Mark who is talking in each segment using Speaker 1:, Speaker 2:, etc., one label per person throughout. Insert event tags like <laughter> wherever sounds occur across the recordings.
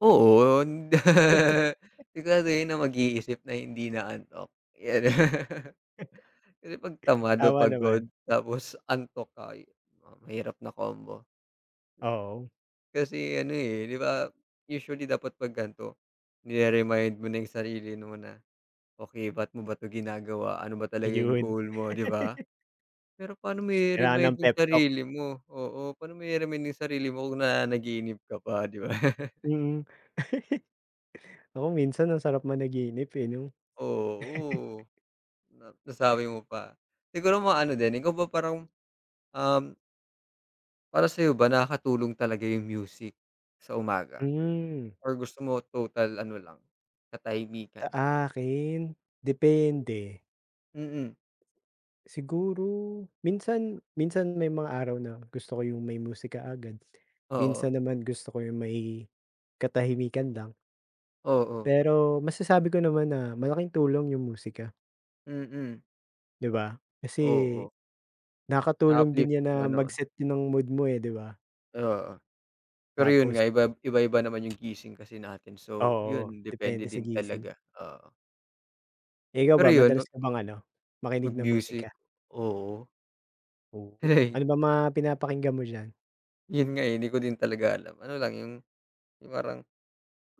Speaker 1: Oo, on <laughs> <unintelligible> na mag-iisip na hindi inaantok yan, <chuckles> kasi 'pag tamad o
Speaker 2: Tama
Speaker 1: pagod
Speaker 2: naman.
Speaker 1: tapos antok ka, yun ang mahirap na combo.
Speaker 2: Oo.
Speaker 1: Kasi ano, eh, di ba usually dapat pag ganito nire-remind mo na yung sarili mo na, "Okey, ba't mo ba 'to ginagawa, ano ba talaga yung
Speaker 2: Ayun.
Speaker 1: goal mo?" di ba.
Speaker 2: <laughs>
Speaker 1: Pero pano mo
Speaker 2: Kailangan
Speaker 1: ire-remind
Speaker 2: ng
Speaker 1: yung
Speaker 2: pep talk.
Speaker 1: sarili mo? Oo, pano mo ire-remind yung sarili mo kung nananaginip ka pa di ba. <chuckles>
Speaker 2: Mm. <chuckles> Nako minsan ang sarap managinip eh, no? <chuckles>
Speaker 1: Oo. Na nasabi mo pa. Siguro mga ano din, ikaw ba parang, um para sayo ba, nakakatulong talaga yung music sa umaga?
Speaker 2: Mm.
Speaker 1: Or gusto mo total ano lang katahimikan?
Speaker 2: Sa akin, depende.
Speaker 1: Mm.
Speaker 2: Siguro minsan, minsan may mga araw na gusto ko yung may musika agad.
Speaker 1: Oo.
Speaker 2: Minsan naman, gusto ko yung may katahimikan lang.
Speaker 1: Oo.
Speaker 2: Pero masasabi ko naman na malaking tulong yung musika.
Speaker 1: Mm.
Speaker 2: Di ba kasi
Speaker 1: Oo.
Speaker 2: nakakatulong
Speaker 1: Na-uplift
Speaker 2: din yan na
Speaker 1: yung ano.
Speaker 2: mag-set din ng mood mo, eh, di ba?
Speaker 1: Oo. Pero yun
Speaker 2: Tapos.
Speaker 1: nga, ibab iba-iba naman yung gising kasi natin, so
Speaker 2: Oo,
Speaker 1: yun depende
Speaker 2: depende sa
Speaker 1: din
Speaker 2: gising.
Speaker 1: talaga, oo.
Speaker 2: Eh, ikaw
Speaker 1: Pero
Speaker 2: ba,
Speaker 1: yun, 'no
Speaker 2: madalas ka bang ano, makinig ng
Speaker 1: Mag-music,
Speaker 2: musika?
Speaker 1: oo.
Speaker 2: Oo,
Speaker 1: <chuckles>
Speaker 2: ano bang mga pinapakinggan mo diyan?
Speaker 1: Yun nga eh, hindi ko din talaga alam. Ano lang yung, yung parang,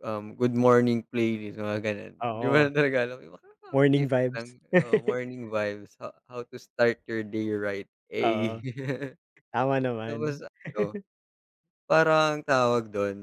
Speaker 1: um, good morning playlist, mga ganun. Hindi ko
Speaker 2: Oo,
Speaker 1: lang talaga alam yung
Speaker 2: morning
Speaker 1: nakaka-uplift
Speaker 2: vibes.
Speaker 1: lang-oo,
Speaker 2: <chuckles>
Speaker 1: morning vibes ha how to start your day right,
Speaker 2: Oo,
Speaker 1: ey. <laughs>
Speaker 2: tama naman.
Speaker 1: Tapos ano,
Speaker 2: <chuckles>
Speaker 1: parang tawag dun.